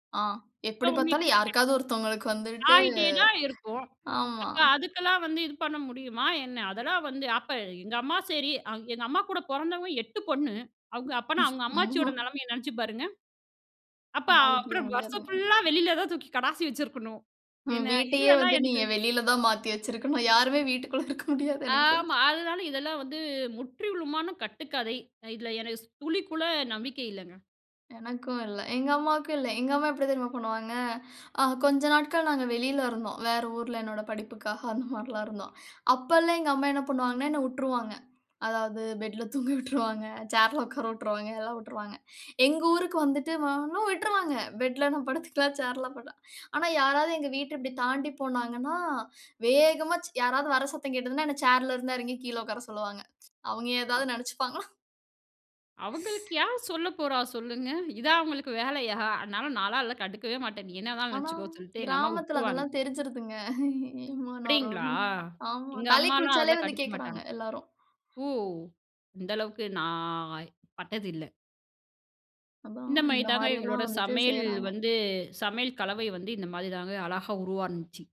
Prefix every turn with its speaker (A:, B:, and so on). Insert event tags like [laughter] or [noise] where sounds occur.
A: ஆ,
B: அ.
A: எப்படி
B: உங்களுக்கு
A: பாத்தாலும்
B: [unintelligible]
A: யாருக்காவது ஒருத்தவங்களுக்கு வந்துட்டு
B: ஆயிட்டேதான் இருக்கும்.
A: ஆமா.
B: அப்ப அதுக்கெல்லாம் வந்து இது பண்ண முடியுமா என்ன, அதெல்லாம் வந்து அப்ப எங்க அம்மா, சரி. எங்க அம்மா கூடப் பொறந்தவங்க 8 பொண்ணு. அவங்க அப்பனா அவங்க அம்மாச்சியோட
A: ஐயோ.
B: நிலைமைய நினைச்சு பாருங்க. அப்ப அ
A: சமாளிக்கவே
B: வருஷம்
A: முடியாதுங்க.
B: ஃபுல்லா வெளியில தூக்கி கடாசி வச்சிருக்கணும்.
A: ம்,
B: என்ன
A: வீட்டயே
B: இதுலலாம்
A: வந்து
B: எனக்கு
A: நீங்க வெளியில தான் மாத்தி வச்சிருக்கணும். யாருமே வீட்டுக்குள்ள இருக்க முடியாது எனக்குத் தெரிஞ்சு.
B: ஆமா, அதனால இதெல்லாம் வந்து முற்றிலுமான கட்டுக்கதை. இதுல எனக்கு துளி கூட நம்பிக்கை இல்லங்க.
A: எனக்கும் இல்ல. எங்க அம்மாவுக்கும் இல்ல. எங்க அம்மா எப்டி தெரியுமா பண்ணுவாங்க, அ கொஞ்ச நாட்கள் நாங்க வெளியில இருந்தோம், வேற ஊர்ல என்னோட படிப்புக்காக அந்த மார்ல்லாம் இருந்தோம். அப்பல்லாம் எங்க அம்மா என்ன பண்ணுவாங்கன்னா என்ன உட்ருவாங்க. அதாவது பெட்ல தூங்க உட்ருவாங்க. சேர்ல வொக்கார உட்ருவாங்க. எல்லா உட்ருவாங்க. எங்க ஊருக்கு வந்துட்டு,. [unintelligible] விட்ருவாங்க பேட்ல நா படுத்துக்கலா, சேர்ல ப ஆனா யாராவது எங்க வீட்ட இப்டி தாண்டி போனாங்கன்னா வேகமா யாராவது வர சத்தம் கேட்டுதுன்னா என்ன சேர்ல இருந்து இறங்கி கீழே உக்கார சொல்லுவாங்க. [tsk] அவங்க ஏதாவது நினைச்சுப்பாங்களாம்.
B: அவங்களுக்கு யார் சொல்லப்போறா சொல்லுங்க. இதா அவங்களுக்கு வேலையா, ஆனால நாளா கண்டுக்கவே மாட்டேன். என்னதான்
A: ஆனா,
B: நினைச்சுக்கோன்னு சொல்லிட்டு எங்க அம்மா
A: கிராமத்துல
B: உட்ருவாங்க.
A: அதெல்லாம் தெரிஞ்சுருதுங்க. ஏம்மா [unintelligible]
B: அப்படிங்களா?
A: நரோன்னு.. ஆமா.
B: எங்க
A: தலை
B: அம்மாலாம்
A: குளிச்சாலே
B: அதல
A: வந்து கேக்குறாங்க
B: கண்டுக்கமாட்டாங்க.
A: எல்லாரும்.
B: ஓ! அந்த அளவுக்கு நான் பட்டது இல்ல.
A: அதான்
B: இந்த
A: இந்த
B: மாரிதாங்க
A: மாரி எல்லா
B: எங்களோட
A: வந்துட்டு
B: சமையல்
A: செய்றாங்க.
B: வந்து. சமையல் கலவை வந்து இந்த மாரிதாங்க அழகா உருவானுச்சு.